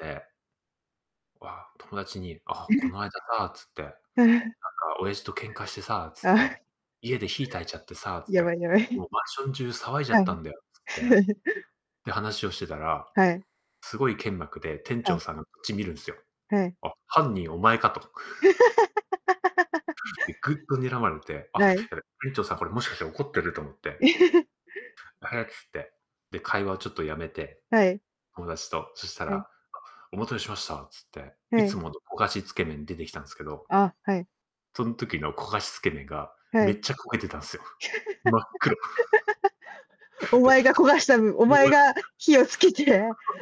ええ。わ、友達に、「あ、えこえ！の間さ」つって「なんかへえ。親父と喧嘩してさ」つっああ。て「家で火焚いちゃってさ」つやばていやばい。「もうマンション中騒いじゃはっい。たんだよ」つって。で、話をしてたら、はい。すごい剣幕で店は長い。さんがこっち見るんすよはい。「あっ、犯人お前か」と [unintelligible] で、ぐっと睨まれて、あ、ない。やべ、店長さんこれもしかしたら怒ってると思って はやつって、で、会話をちょっとやめて、はい。友達と、そしたはら、い。あ、お待たせしましたつって、いはつい。もの焦がしつけ麺に出てきたんですけどあ、はい。そん時の焦がしつけ麺が、はめい。っちゃ焦げてたんすよ。真っ黒。お で。前が焦がした分、お前 [unintelligible] が火をつけて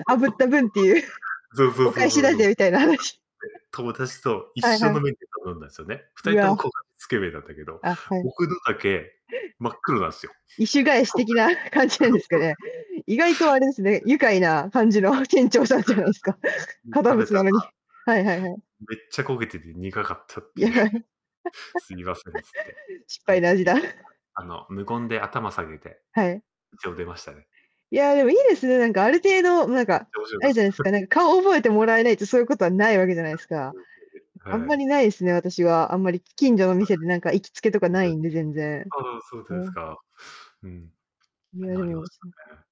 炙った分っていう、そうそう-おそう返そしうだそう。ぜみたいな話。友達と一はい緒はのい。メニュー頼んだんですよね。ふたうりともわ。焦がしつけ麺なんだけど、あ、はい。僕のだけ、真っ黒なんすよ。意趣 返しこが的な感じなんそでうすかそうそね？う。意外とあれですね、愉快な感じはの店長さんじゃないですか、い、い堅かれた、で、うん、食べ物たならのに。はいはいはい。めっちゃ焦げてて苦かったっいてや。いう。すいませんつって。失そん敗の味だ。時、あ、あの、無言で頭下げて、はい。一応出ましたね。いや、でもいいですね、なんかあ る程度なんめっちか、ゃ面白あかるった。じゃないですか、なんか顔覚えても らえないと、そういうことはないわけじゃめっちゃないすか。しいでうす。あんはい。まり無いすね、私は、あんまりき近所のは店でなんか行きつけとかい。いなしょいんで全然。そうでおすう。か。うん。いや、でなりもまわししねたね。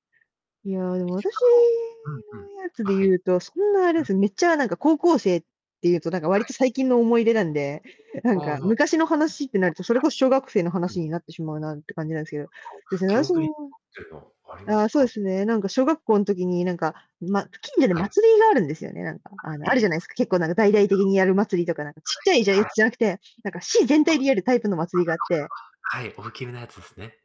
いや、でもいっしゅう私かん後うんうん。のやつあ、ではい。言うと、そんなあうれん。すね、めっちゃなんか高校生、っていうとなんか割はとい。最近の思い出なんで、なんああ、あ。かあ、はい。昔の話ってなると、それこそ小学生のう話ん。になってしまうなんて感じなんすけど、あ、です [unintelligible] ね、記私憶にも残ってんのありまああ、すそうでか？すね、なんか小学校ん時になんか、ま、近所ではい。祭りがあるんですよね、なんか、ああの、あ、あるいじいゃないすす。か。結構なんかうち大々的にやる祭りとか、なんか、ちっちゃ [unintelligible] いじゃやはい。あつあ。じゃなくて、なんか市全体あ、でやるタイプの祭りがあって [unintelligible] はい、大きめのやつですね。